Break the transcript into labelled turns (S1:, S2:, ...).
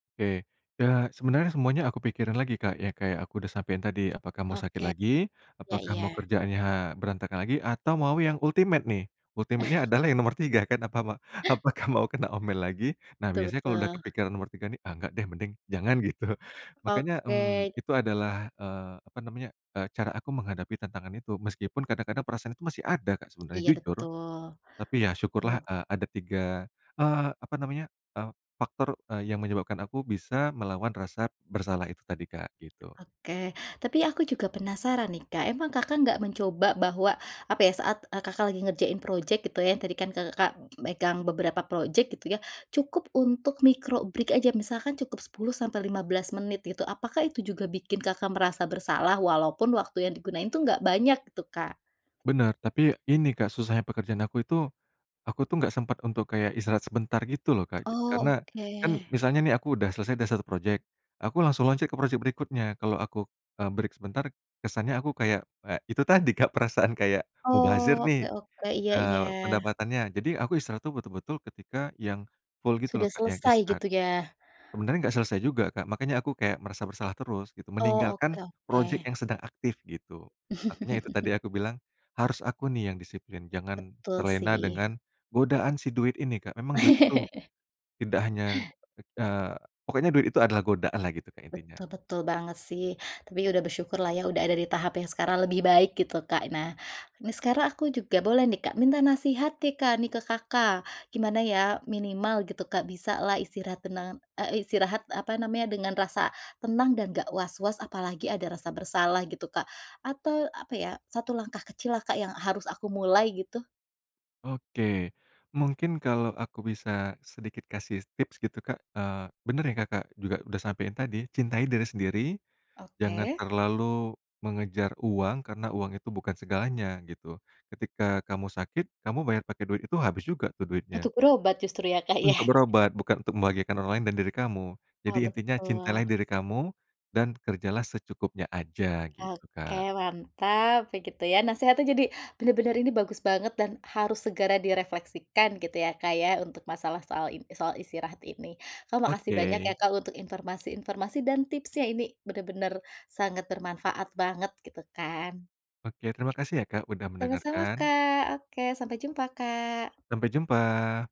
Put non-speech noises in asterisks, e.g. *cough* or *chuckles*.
S1: Oke. Ya, sebenarnya semuanya aku pikirin lagi Kak, ya kayak aku udah sampein tadi, "Apakah mau sakit
S2: Oke.
S1: lagi?
S2: Iya
S1: Apakah mau
S2: iya.
S1: kerjaannya berantakan lagi? Atau mau yang ultimate, nih?" Ultimate-nya
S2: *chuckles*
S1: adalah yang nomor 3 kan, apa, ma
S2: *chuckles*
S1: "Apakah mau kena omel lagi?" Nah,
S2: Betul
S1: biasanya kalau udah
S2: betul.
S1: kepikiran nomor 3 nih, "Ah, enggak deh, mending jangan." Gitu. Makannya,
S2: Oke.
S1: mmm, itu adalah, eee, apa namanya, eee, cara aku menghadapi tantangan itu. Meskipun kadang-kadang perasaan itu masih ada Kak, sebenarnya,
S2: Iya,
S1: jujur.
S2: betul.
S1: Tapi ya, syukurlah, eee, ada 3, eee, apa namanya, eee, faktor, eee, yang menyebabkan aku bisa melawan rasa bersalah itu tadi, Kak, gitu.
S2: Oke, tapi aku juga penasaran nih Kak, emang Kakak nggak mencoba bahwa, apa ya, saat, eee, Kakak lagi ngerjain projek gitu ya, yang tadi kan, ka Kakak megang beberapa projek gitu ya, cukup untuk micro break aja, misalkan cukup 10 sampai 15 menit, gitu, apakah itu juga bikin kakak merasa bersalah, walaupun waktu yang digunakan itu enggak banyak, gitu, Kak?
S1: Benar, tapi ini Kak susahnya pekerjaan aku itu, aku tuh nggak sempet untuk kayak istirahat sebentar, gitu loh, Kak.
S2: Oh,
S1: Karena kan
S2: oke.
S1: misalnya nih aku udah selesai dari 1 projek, aku langsung loncat ke projek berikutnya. Kalau aku, eee, break sebentar, kesannya aku kayak eee, itu tadi Kak, perasaan kayak mubazir
S2: Oh, oke
S1: nih,
S2: oke, iya iya.
S1: eee, pendapatannya. Jadi, aku istirahat tuh betul-betul ketika yang full gitu loh
S2: Sudah
S1: Kak, yang
S2: selesai,
S1: instan.
S2: gitu, ya?
S1: Sebenarnya nggak selesai juga, Kak, makannya aku kayak merasa bersalah terus, gitu.
S2: Oh,
S1: Meninggalkan
S2: oke
S1: projek
S2: oke.
S1: yang sedang aktif, gitu. Makannya itu
S2: *chuckles*
S1: tadi aku bilang, harus aku nih yang disiplin, jangan
S2: Betul,
S1: terlena
S2: sih.
S1: dengan godaan si duit ini, Kak. Memang duit itu
S2: *laughs*
S1: tidak hanya eee, pokoknya duit itu adalah godaan lah gitu Kak, intinya.
S2: Betul betul banget, sih. Tapi, udah bersyukur lah ya, udah ada di tahap yang sekarang lebih baik, gitu, Kak. Nah, ini sekarang aku juga boleh nih Kak, minta nasihat nih Kak, nih ke Kakak, gimana ya, minimal gitu Kak, bisalah istirahat tenang eee, istirahat, apa namanya, dengan rasa tenang dan nggak was-was, apalagi ada rasa bersalah, gitu, Kak? Atau, apa ya, satu langkah kecil lah Kak, yang harus aku mulai, gitu?
S1: Oke, mungkin kalau aku bisa sedikit kasih tips gitu, Kak eee, bener yang Kakak juga udah sampein tadi, cintai diri sendiri, jangan
S2: Oke.
S1: terlalu mengejar uang, karena uang itu bukan segalanya, gitu. Ketika kamu sakit, kamu bayar pakai duit itu habis juga tuh duitnya.
S2: Untuk berobat justru, ya, Kak, ya?
S1: Untuk berobat, bukan untuk membahagiakan orang lain dan diri kamu.
S2: Oh,
S1: Jadi intinya cintailah
S2: betul.
S1: diri kamu, dan kerjalah secukupnya aja, gitu,
S2: Oke,
S1: Kak.
S2: mantap, ya, gitu, ya. Nasehatnya jadi bener-bener ini, bagus banget, dan harus segera direfleksikan, gitu ya, Kak, ya, untuk masalah soal in soal istirahat ini. Kak, makasih banyak ya,
S1: Oke.
S2: Kak, untuk informasi-informasi dan tipsnya, ini bener-bener sangat bermanfaat banget, gitu, kan.
S1: Oke, terimakasih ya Kak, udah
S2: Sama-sama,
S1: mendengarkan.
S2: Kak. Oke, sampai jumpa, Kak!
S1: Sampai jumpa!